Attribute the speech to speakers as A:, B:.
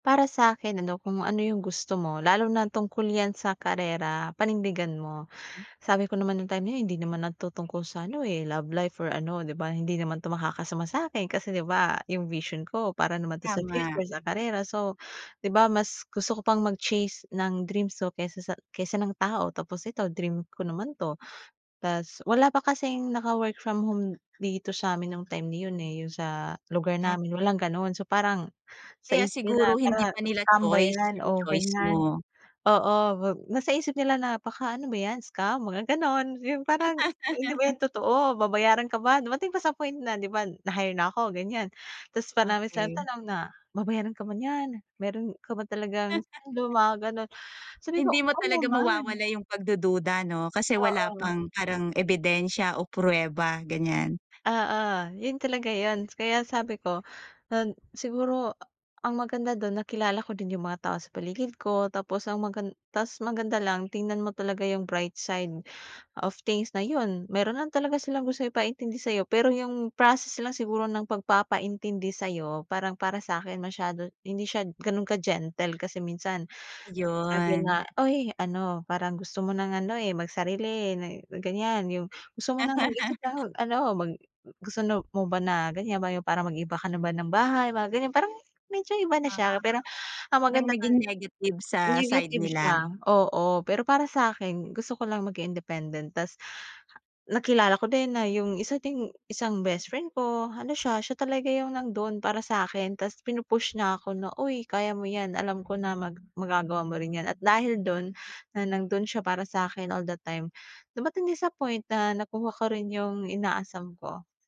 A: Para sa'kin ano, kung ano yung gusto mo lalo na tungkol yan sa karera, panindigan mo.
B: Hmm.
A: Sabi ko naman nung time na hindi naman na to tungkol sa ano, eh, love life or ano, di ba, hindi naman to makakasama sa'kin kasi, di ba, yung vision ko para naman to sa
B: Tama.
A: future sa karera. So, di ba, mas gusto ko pang mag-chase ng dreams ko kaysa sa kaysa ng tao tapos ito dream ko naman 'to. Tas wala pa kasing naka-work from home dito sa'min nung time na yun, eh, yung sa lugar
B: Ah.
A: namin walang gano'n. So parang sa
B: Kaya
A: isip nila
B: siguro
A: parang
B: hindi pa nila
A: stambay
B: choice,
A: yan
B: yung
A: o
B: choice
A: ganyan,
B: mo.
A: oo nasa isip nila na baka ano ba yan, scam? Mga gano'n, yung parang, "Ah, hindi ba yan totoo babayaran ka ba?" Dumating pa sa point na, di ba, na-hire na ako ganyan, ta's parang may isang
B: Okey.
A: tanong na, "Babayaran ka ba niyan, mayro'n ka ba talagang suweldo?" Mga gano'n. Sabi ko,
B: Hindi mo
A: "Oo
B: talaga
A: naman."
B: mawawala yung pagdududa 'no? Kasi wala
A: Oo.
B: pang parang ebidensya o pruweba ganyan.
A: Oo, yun talaga yun kaya sabi ko nan siguro, ah, ang maganda do'n nakilala ko din yung mga tao sa paligid ko, tapos ang magan tas maganda lang, tingnan mo talaga yung bright side of things na yun. Mayro'n lang talaga silang gustong ipaintindi sayo pero yung process lang siguro ng pagpapaintindi sa'yo parang para sa'kin masyado hindi siya gano'n ka-gentle kasi minsan. Sabi
B: Ayun.
A: na, "Uy ano parang gusto mo ng ano, eh, magsarili, eh, na ganyan, yung gusto mo ng mag-isip, ah, mag ano, mag gusto no mo ba na ganyan ba yung parang mag-iiba ka na ba ng bahay." Mga ganyan. Parang medyo iba na
B: Oo,
A: siya pero ang
B: hanggang
A: maganda ka
B: naging negative sa side
A: Negative
B: nila.
A: siya, oo pero para sa'kin gusto ko lang maging independent ta's nakilala ko din na yung isa ding isang bestfriend ko ano siya, siya talaga yung nando'n para sa'kin ta's pinu-push niya ako na, "Uy kaya mo yan, alam ko na mag magagawa mo rin yan." At dahil dun na nando'n siya para sa'kin all the time dumating din sa point na nakuha ko rin yung inaasam ko.